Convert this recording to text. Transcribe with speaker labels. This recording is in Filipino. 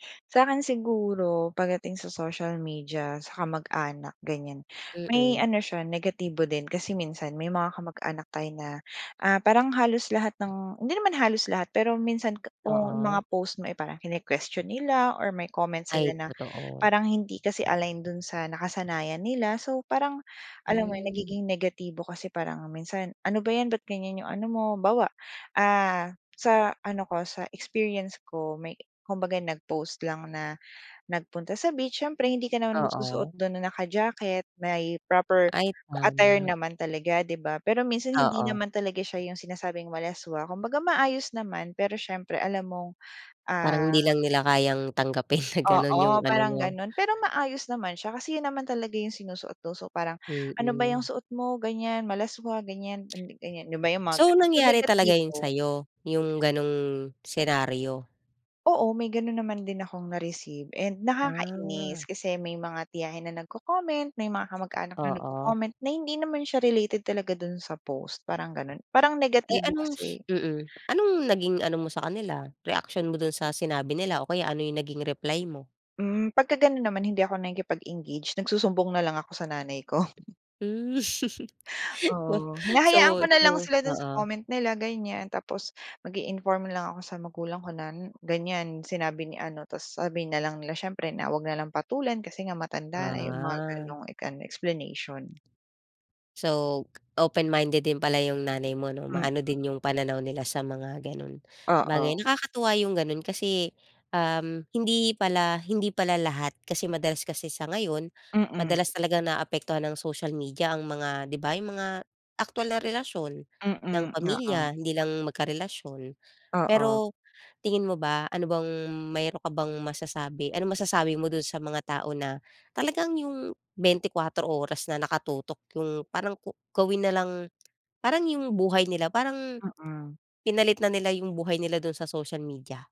Speaker 1: Sa'kin siguro, pagdating sa social media, sa kamag-anak, ganyan. May
Speaker 2: Mm.
Speaker 1: ano siya, negatibo din. Kasi minsan, may mga kamag-anak tayo na, ah, parang halos lahat ng hindi naman halos lahat. Pero minsan k kung
Speaker 2: Oo.
Speaker 1: mga post mo ay parang kine-question nila, or may comment sila,
Speaker 2: Ay,
Speaker 1: na
Speaker 2: totoo.
Speaker 1: parang hindi kasi align do'n sa nakasanayan nila. So, parang, alam mo 'yon,
Speaker 2: Hmm.
Speaker 1: nagiging negatibo kasi, parang minsan, "Ano ba 'yan, ba't ganyan 'yong ano mo?" Halimbawa, ah, sa, ah, ano ko, sa experience ko, may kumbaga nag-post lang na nagpunta sa beach. Siyempre hindi ka naman magsusuot
Speaker 2: Oo.
Speaker 1: do'n na naka-jacket. May proper
Speaker 2: Ay,
Speaker 1: attire
Speaker 2: tama.
Speaker 1: naman talaga, 'di ba? Pero minsan, hindi
Speaker 2: Oo.
Speaker 1: naman talaga siya 'yong sinasabing malaswa, kumbaga maayos naman. Pero siyempre alam mong, ah
Speaker 2: Parang hindi lang nila kayang tanggapin na gano'n 'yong
Speaker 1: Oo,
Speaker 2: ano
Speaker 1: parang
Speaker 2: mo.
Speaker 1: gano'n. Pero maayos naman siya, kasi 'yon naman talaga 'yong sinusuot do'n. So, parang, "Ano ba 'yang
Speaker 2: Mm.
Speaker 1: suot mo, ganyan, malaswa, ganyan." [unintelligible] ganyan 'di ba, 'yong mga
Speaker 2: So,
Speaker 1: gano'n. So
Speaker 2: nangyari talaga 'yon
Speaker 1: negatibo.
Speaker 2: sa'yo, 'yong gano'ng senaryo?
Speaker 1: Oo, may gano'n naman din akong na-receive and nakakainis
Speaker 2: Ah.
Speaker 1: kasi may mga tiyahin na nagco-comment. May mga kamag-anak na
Speaker 2: Oo.
Speaker 1: nagco-comment na hindi naman siya related talaga do'n sa post, parang gano'n. Parang
Speaker 2: Eh,
Speaker 1: negatibo
Speaker 2: anong
Speaker 1: kasi.
Speaker 2: s mm. Anong naging ano mo sa kanila, reaksyon mo do'n sa sinabi nila, o kaya ano 'yong naging reply mo?
Speaker 1: Hmm. 'Pagka gano'n naman, hindi ako nakikipag-engage. Nagsusumbong na lang ako sa nanay ko.
Speaker 2: Hmm. Wow.
Speaker 1: Oo, hinahayaan
Speaker 2: So
Speaker 1: ko na lang
Speaker 2: so
Speaker 1: sila do'n sa
Speaker 2: oo.
Speaker 1: comment nila, ganyan. Tapos mag-i-inform na lang ako sa magulang ko na, n ganyan, sinabi ni ano. Tapos sabi na lang nila, siyempre, na huwag na lang patulan, kasi nga matanda na. 'Yong mga
Speaker 2: Ah.
Speaker 1: gano'ng ek explanation.
Speaker 2: So, open-minded din pala 'yong nanay mo, 'no?
Speaker 1: Hmm.
Speaker 2: Maano din 'yong pananaw nila sa mga gano'n bagay.
Speaker 1: Oo.
Speaker 2: Nakakatuwa 'yong gano'n kasi, uhm, hindi pala hindi pala lahat kasi madalas kasi sa ngayon,
Speaker 1: Mm.
Speaker 2: madalas talaga naapektuhan ng social media ang mga 'di ba, 'yong mga aktuwal na relasyon ng
Speaker 1: Mm, oo.
Speaker 2: pamilya, hindi lang magkarelasyon.
Speaker 1: Oo.
Speaker 2: Pero, tingin mo ba, ano bang mayroon ka bang masasabi? Anong masasabi mo do'n sa mga tao na talagang 'yong 24 oras na nakatutok 'yong, parang ko gawin na lang parang, 'yong buhay nila parang,
Speaker 1: Mm.
Speaker 2: pinalit na nila ng buhay nila do'n sa social media?